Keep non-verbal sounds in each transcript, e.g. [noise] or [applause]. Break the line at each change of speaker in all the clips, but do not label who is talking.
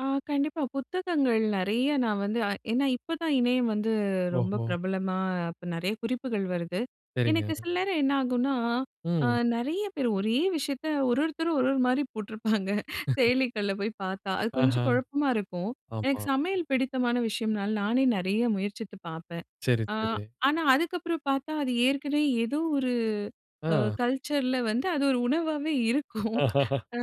ஆ கண்டிப்பா. புத்தகங்கள் நெறைய நான் வந்து ஏன்னா இப்போ தான் இணையம் வந்து ரொம்ப
ஓஹோ!
பிரபலமா அப்ப நெறைய குறிப்புகள் வருது. எனக்கு
சரிங்க.
சில நேரம் என்ன ஆகும்னா, அ
ம்.
நிறைய பேர் ஒரே விஷயத்தை ஒரொருத்தரும் ஒரு ஒரு மாரி போட்டிருப்பாங்க.
[laughs]
செயலிகள்ல போய் பாத்தா. அது கொஞ்சம்
ஆஹா,
கொழப்பமா இருக்கும். எனக்கு
ஆமா.
சமையல் பிடித்தமான விஷயம்னால, நானே நெறைய முயற்சித்து பாப்பேன்.
சரி,
அ
சரி.
ஆனா, அதுக்கப்புறம் பாத்தா, அது ஏற்கனவே ஏதோ ஒரு, அ
ஆ.
கல்ச்சர்ல வந்து அது ஒரு உணவாவே இருக்கும்.
[laughs]
அ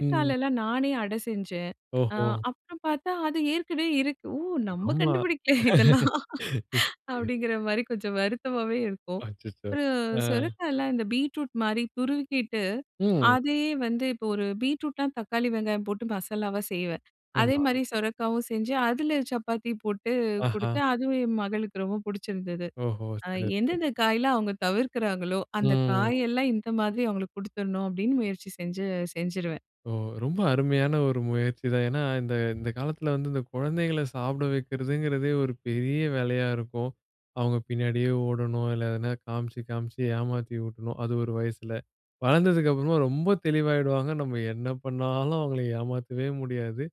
ம்.
நானே அடை செஞ்சேன். அ
ஓஹோ.
அப்புறம் பாத்தா, அது ஏற்கனவே இருக்கு, ஓ நம்ம
ரொம்ப,
கண்டுபிடிக்கல இதெல்லாம்.
[laughs] [unintelligible]
அப்படிங்கிற மாரி கொஞ்சம் வருத்தமாவே இருக்கும்.
அச்சச்சோ!
ஒரு
அ.
சுரக்காயலாம், இந்த பீட்ரூட் மாரி துருவிக்கிட்டு,
ம்.
அதையே வந்து இப்போ ஒரு பீட்ரூட்னா, தக்காளி வெங்காயம் போட்டு மசாலாவா செய்வேன். அதே
ஆமா.
மாரி சொரக்காவும் செஞ்சு, அதில சப்பாத்தி போட்டு, குடுத்து
ஆஹா.
அதுவும் என் மகளுக்கு ரொம்ப புடிச்சிருந்தது.
ஓஹோ!
அ
சிறப்பு.
எந்தெந்த காயலாம் அவுங்க தவிர்க்கிறாங்களோ, அந்த
ம்.
காயெல்லாம் இந்த மாதிரி அவுங்களுக்கு கொடுத்துடணும். அப்படின்னு முயற்சி செஞ்சு செஞ்சுருவேன்.
ஓ ரொம்ப அருமையான ஒரு முயற்சிதான். ஏன்னா, இந்த இந்த காலத்தில வந்து, இந்த குழந்தைகள சாப்புட வைக்கிறதுங்கிறதே, ஒரு பெரிய வேலையா இருக்கும். அவங்க பின்னாடியே ஓடணும். இல்லை எதனா காமிச்சி, காமிச்சி ஏமாத்தி ஊட்டணும். அது ஒரு வயசுல. வளர்ந்ததுக்கு அப்புறமா ரொம்ப தெளிவாயிடுவாங்க. நம்ம என்ன பண்ணாலும் அவுங்கள ஏமாத்தவே முடியாது.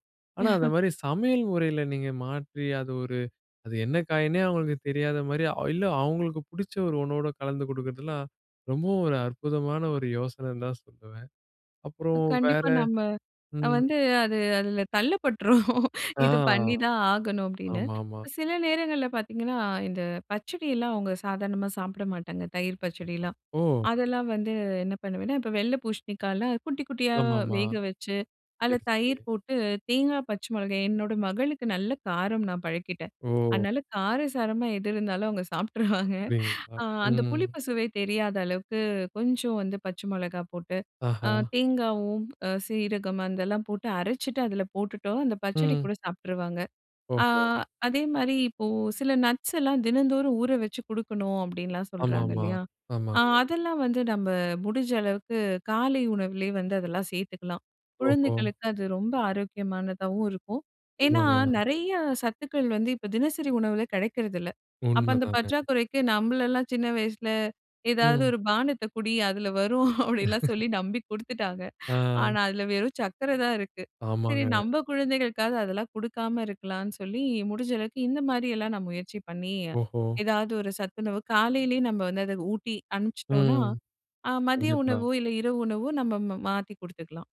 ஆனா அந்த
[laughs]
மாரி சமையல் முறையில நீங்க மாற்றி, அது ஒரு, அது என்ன காய்ன்னே அவுங்களுக்கு தெரியாத மாரி, இல்ல அவுங்களுக்கு பிடிச்ச ஒரு ஒன்னோட கலந்து குடுக்குறதுலாம், ரொம்பவும் ஒரு அற்புதமான ஒரு யோசனைன்னு தான் சொல்லுவேன்.
அ
அப்புறம் வேற,
கண்டிப்பா நம்ம அ
ம்.
வந்து அது அதில தள்ளப் பட்டுறோம்.
ஆ
"இத பண்ணிதான் ஆகணும்" அப்படின்னு.
ஆமா, ஆமா.
சில நேரங்கள்ல பாத்தீங்கன்னா, இந்த பச்சடியெல்லாம் அவுங்க சாதாரணமா சாப்பிட மாட்டாங்க. தயிர் பச்சடிலாம்.
ஓ!
அதெல்லாம் வந்து என்ன பண்ணுவேன்னா, இப்போ வெள்ளை பூசணிக்காய்லாம் குட்டி குட்டியா
ஆமா, ஆமா.
வேக வச்சு, அதில
சரி, சரி.
தயிர் போட்டு, தேங்காய் பச்சை மொளகாய் என்னோட மகளுக்கு நல்ல காரம் நான் பழக்கிட்டேன்.
ஓ!
அதனால காரசாரமா எது இருந்தாலும் அவுங்க சாப்ட்டுருவாங்க.
அப்படிங்களா?
அ அந்த
ம்.
புளிப்பு சுவை தெரியாத அளவுக்கு, கொஞ்சம் வந்து பச்சை மிளகா போட்டு, அ
ஆஹா.
தேங்காவும் அ சீரகம் அதெல்லாம் போட்டு அரச்சுட்டு, அதில போட்டுட்டோம்ன்னா, அந்த பச்சடி
ம்.
கூட சாப்ட்டுருவாங்க. அ
ஒஹோ!
அதே மாரி இப்போ சில நட்ஸ் எல்லாம் தினந்தோறும் ஊற வச்சு குடுக்கணும் அப்படின்னுலாம் சொல்றாங்க
ஆமாமா.
இல்லையா? அ
ஆமாங்க.
அதெல்லாம் வந்து நம்ம முடிஞ்ச அளவுக்கு, காலை உணவிலயே வந்து அதெல்லாம் சேத்துக்கலாம்.
ஓஹோ.
குழந்தைகளுக்கு அது ரொம்ப ஆரோக்கியமானதாவும் இருக்கும். ஏன்னா,
ஆமாங்க.
நெறைய சத்துக்கள் வந்து இப்போ தினசரி உணவுல கெடைக்கிறதில்ல. அப்போ அந்த
உண்மைதாங்க.
பற்றாக்குறைக்கு, நம்மளெல்லாம் சின்ன வயசில ஏதாவது
ம்.
ஒரு பானத்த குடி, அதில வரும் அப்படிலாம்
[laughs]
சொல்லி நம்பி குடுத்துட்டாங்க.
அ.
ஆனா, அதில வெறும் சக்கர தான் இருக்கு. சரி,
ஆமாங்க.
நம்ம குழந்தைகளுக்காவது அதெல்லாம் குடுக்காம இருக்கலாம்ன்னு சொல்லி, முடிஞ்ச அளவுக்கு இந்த மாரியெல்லாம் நான் முயற்சி பண்ணி,
ஓஹோ!
ஏதாவது ஒரு சத்துணவு, காலையிலயே நம்ம வந்து அத ஊட்டி அனுப்பிச்ட்டோம்ன்னா,
ம்.
அ மதிய
கண்டிப்பா.
உணவோ, இல்லை இரவு உணவோ நம்ம மாத்தி குடுத்துக்கலாம்.